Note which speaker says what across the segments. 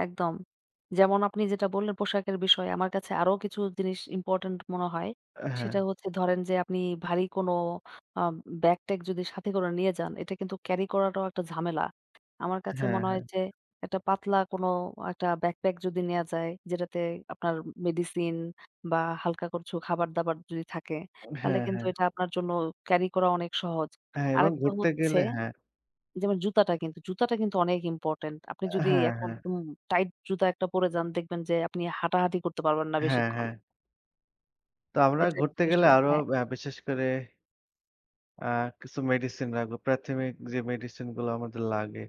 Speaker 1: একদম। যেমন আপনি যেটা বললেন পোশাকের বিষয়ে আমার কাছে আরো কিছু জিনিস important মনে হয়।
Speaker 2: হ্যাঁ।
Speaker 1: সেটা হচ্ছে ধরেন যে আপনি ভারী কোন আব ব্যাগ-ট্যাক যদি সাথে করে নিয়ে যান এটা কিন্তু carry করাটাও একটা ঝামেলা। আমার কাছে
Speaker 2: হ্যাঁ,
Speaker 1: মনে হয়
Speaker 2: হ্যাঁ।
Speaker 1: যে একটা পাতলা কোন একটা Bag pack যদি নেয়া যায় যেটাতে আপনার মেডিসিন বা হালকা কচু খাবার-দাবার যদি থাকে তাহলে
Speaker 2: হ্যাঁ,
Speaker 1: কিন্তু
Speaker 2: হ্যাঁ।
Speaker 1: এটা আপনার জন্য carry করা অনেক সহজ।
Speaker 2: হ্যাঁ, এবং
Speaker 1: আরেকটা
Speaker 2: ঘুরতে
Speaker 1: হচ্ছে
Speaker 2: গেলে হ্যাঁ।
Speaker 1: যেমন জুতাটা কিন্তু। জুতাটা কিন্তু অনেক important। আপনি যদি
Speaker 2: হ্যাঁ,
Speaker 1: এখন
Speaker 2: হ্যাঁ।
Speaker 1: উ টাইট জুতা একটা পরে যান দেখবেন যে আপনি হাঁটাহাঁটি করতে পারবেন না
Speaker 2: হ্যাঁ,
Speaker 1: বেশিক্ষণ।
Speaker 2: হ্যাঁ। তো আমরা
Speaker 1: এটা একটা
Speaker 2: ঘুরতে গেলে
Speaker 1: বিষয়।
Speaker 2: আরো
Speaker 1: হ্যাঁ।
Speaker 2: ব্যা বিশেষ করে আ কিছু medicine রাখবো। প্রাথমিক যে medicine গুলো আমাদের লাগে।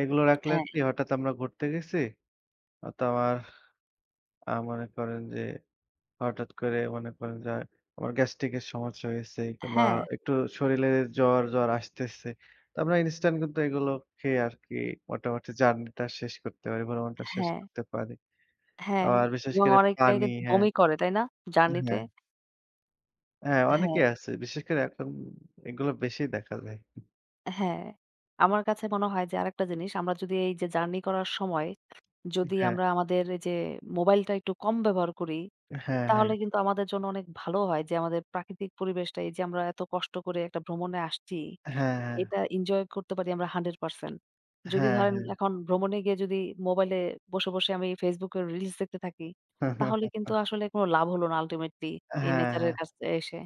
Speaker 2: এগুলো রাখলে
Speaker 1: হ্যাঁ।
Speaker 2: কি হঠাৎ আমরা ঘুরতে গেছি? হয়তো আমার আ মনে করেন যে হঠাৎ করে মনে করেন যে আমার gastric এর সমস্যা হয়েছে বা
Speaker 1: হ্যাঁ।
Speaker 2: একটু শরীলে জ্বর, জ্বর আসতেছে। তো আমরা instant কিন্তু এগুলো খেয়ে আর কি মোটামুটি journey টা শেষ করতে পারি, ভ্রমণটা শেষ
Speaker 1: হ্যাঁ।
Speaker 2: করতে পারি।
Speaker 1: হ্যাঁ
Speaker 2: আবার বিশেষ
Speaker 1: এবং
Speaker 2: করে
Speaker 1: অনেক
Speaker 2: পানি,
Speaker 1: জায়গায়
Speaker 2: হ্যাঁ।
Speaker 1: বমি করে তাই না? journey তে?
Speaker 2: হ্যাঁ। হ্যাঁ,
Speaker 1: হ্যাঁ।
Speaker 2: অনেকেই আছে। বিশেষ করে এখন এগুলা বেশি দেখা যায়।
Speaker 1: হ্যাঁ। আমার কাছে মনে হয় যে আরেকটা জিনিস আমরা যদি এই যে জার্নি করার সময় যদি
Speaker 2: হ্যাঁ।
Speaker 1: আমরা আমাদের এই যে মোবাইলটা একটু কম ব্যবহার করি,
Speaker 2: হ্যাঁ, হ্যাঁ।
Speaker 1: তাহলে কিন্তু আমাদের জন্য অনেক ভালো হয় যে আমাদের প্রাকৃতিক পরিবেশটা এই যে আমরা এত কষ্ট করে একটা ভ্রমণে আসছি।
Speaker 2: হ্যাঁ, হ্যাঁ।
Speaker 1: এটা enjoy করতে পারি আমরা 100%। যদি
Speaker 2: হ্যাঁ,
Speaker 1: ধরেন
Speaker 2: হ্যাঁ।
Speaker 1: এখন ভ্রমণে গিয়ে যদি মোবাইলে বসে, বসে আমি Facebook এর reals দেখতে থাকি, তাহলে কিন্তু আসলে কোন লাভ হলো না ultimately এই
Speaker 2: হ্যাঁ,
Speaker 1: nature এর
Speaker 2: হ্যাঁ।
Speaker 1: কাছে এসে।